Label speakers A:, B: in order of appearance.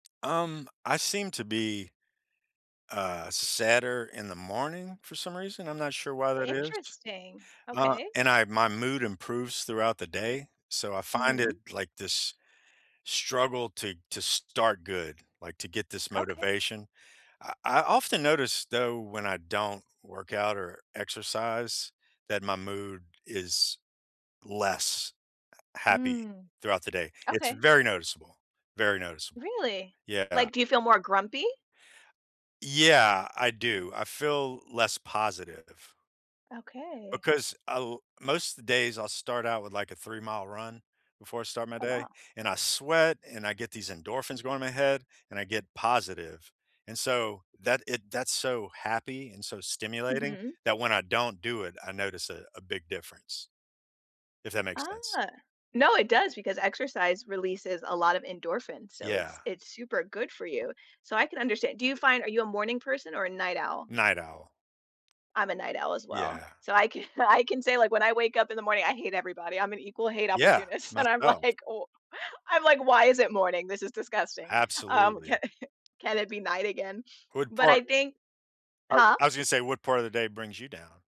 A: Um, I seem to be, uh, sadder in the morning, for some reason, I'm not sure why that is,
B: Interesting,
A: uh,
B: okay.
A: and I my mood improves throughout the day, so I find
B: Mhm.
A: it, like, this struggle to to start good, like, to get this
B: Okay.
A: motivation. I I often notice, though, when I don't work out, or exercise, that my mood is less, uh, happy
B: Mm.
A: throughout the day. It's
B: Okay.
A: very noticeable, very noticeable.
B: Really?
A: Yeah.
B: Like, do you feel more grumpy?
A: Yeah, I do. I feel less positive
B: Okay.
A: because I'll most of the days I'll start out with, like, a three-mile run, before I start my
B: Oh,
A: day.
B: wow.
A: And, I sweat, and I get these endorphins going in my head, and I get positive, and so, that it that's so happy, and so stimulating,
B: Mhm.
A: that when I don't do it, I notice a a big difference, if that makes sense.
B: Ah. No, it does, because exercise releases a lot of endorphins, so it's
A: Yeah.
B: it's super good for you. So I can understan do you find are you a morning person, or a night owl?
A: Night owl.
B: I'm a night owl, as well.
A: Yeah.
B: So, I ca I can say, like, when I wake up in the morning, I hate everybody, I'm an equal hate
A: Yeah,
B: opportunist, and I'm
A: myself.
B: like, "Oh," I'm like, "Why is it morning? This is disgusting." Um,
A: Absolutely.
B: "Ca Can it be night again?"
A: What
B: But, I
A: part
B: think
A: I
B: huh?
A: I was gonna say, what part of the day brings you down?